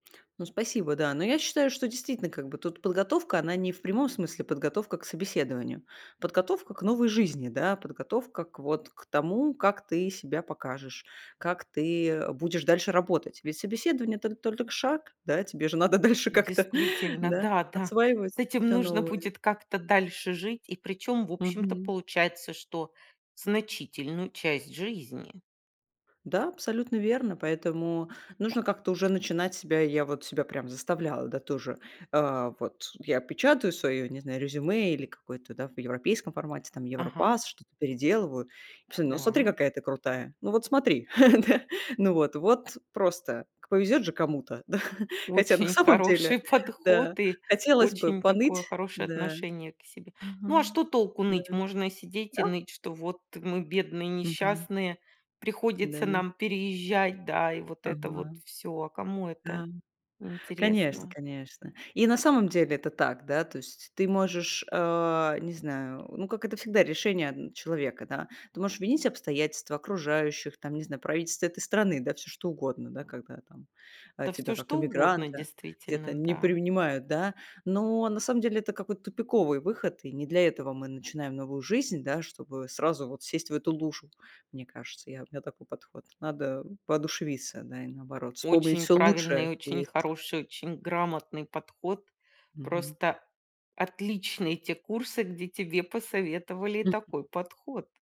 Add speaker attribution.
Speaker 1: Ну, спасибо. Да. Но я считаю, что действительно, как бы тут подготовка она не в прямом смысле подготовка к собеседованию, подготовка к новой жизни, да, подготовка к вот к тому, как ты себя покажешь, как ты, э, будешь дальше работать. Ведь собеседование это толь только шаг. Да? Тебе же надо дальше как-то,
Speaker 2: Действительно,
Speaker 1: да,
Speaker 2: да, да,
Speaker 1: осваивать
Speaker 2: с этим
Speaker 1: всё
Speaker 2: нужно
Speaker 1: новое.
Speaker 2: будет как-то дальше жить и причем в общем-то
Speaker 1: Мгм.
Speaker 2: получается, что значительную часть жизни.
Speaker 1: Да, абсолютно верно, поэтому нужно как-то уже начинать себя. Я вот себя прям заставляла, да, тоже. А вот я печатаю свое, не знаю, резюме или какое-то да в европейском формате там,
Speaker 2: Ага.
Speaker 1: европасс, что-то переделываю. И потом: "Ну смотри,
Speaker 2: Да.
Speaker 1: какая ты крутая". Ну вот смотри, да? Ну вот, вот просто к повезёт же кому-то, да? Хотя на
Speaker 2: Очень
Speaker 1: самом деле,
Speaker 2: хороший
Speaker 1: да,
Speaker 2: подход и
Speaker 1: хотелось бы
Speaker 2: очень
Speaker 1: поныть,
Speaker 2: такое хорошее
Speaker 1: да.
Speaker 2: отношение к себе. Ну а
Speaker 1: Мгм.
Speaker 2: что толку
Speaker 1: Да.
Speaker 2: ныть? Можно сидеть
Speaker 1: Да.
Speaker 2: и ныть, что вот мы бедные,
Speaker 1: Мгм.
Speaker 2: несчастные,
Speaker 1: Да
Speaker 2: приходится
Speaker 1: не
Speaker 2: нам переезжать, да, и вот это вот
Speaker 1: Ага.
Speaker 2: всё. А кому это
Speaker 1: Да. Конечно,
Speaker 2: интересно?
Speaker 1: конечно. И на самом деле это так. Да. То есть ты можешь, э, не знаю, ну, как это всегда решение одн человека, да, ты можешь винить обстоятельства окружающих, там, не знаю, правительство этой страны, да всё что угодно, да, когда там, э,
Speaker 2: Да всё,
Speaker 1: тебя как
Speaker 2: что угодно
Speaker 1: эмигранта где-то
Speaker 2: действительно,
Speaker 1: не
Speaker 2: да.
Speaker 1: принимают, да, но на самом деле это какой-то тупиковый выход, и не для этого мы начинаем новую жизнь, да, чтобы сразу вот сесть в эту лужу, мне кажется, я, у меня такой подход. Надо воодушевиться да и наоборот, вспомнить
Speaker 2: Очень
Speaker 1: всё лучшее,
Speaker 2: правильный,
Speaker 1: что
Speaker 2: очень
Speaker 1: есть.
Speaker 2: хороший, очень грамотный подход.
Speaker 1: Мгм.
Speaker 2: Просто отличные эти курсы, где тебе посоветовали
Speaker 1: Мгм.
Speaker 2: такой подход.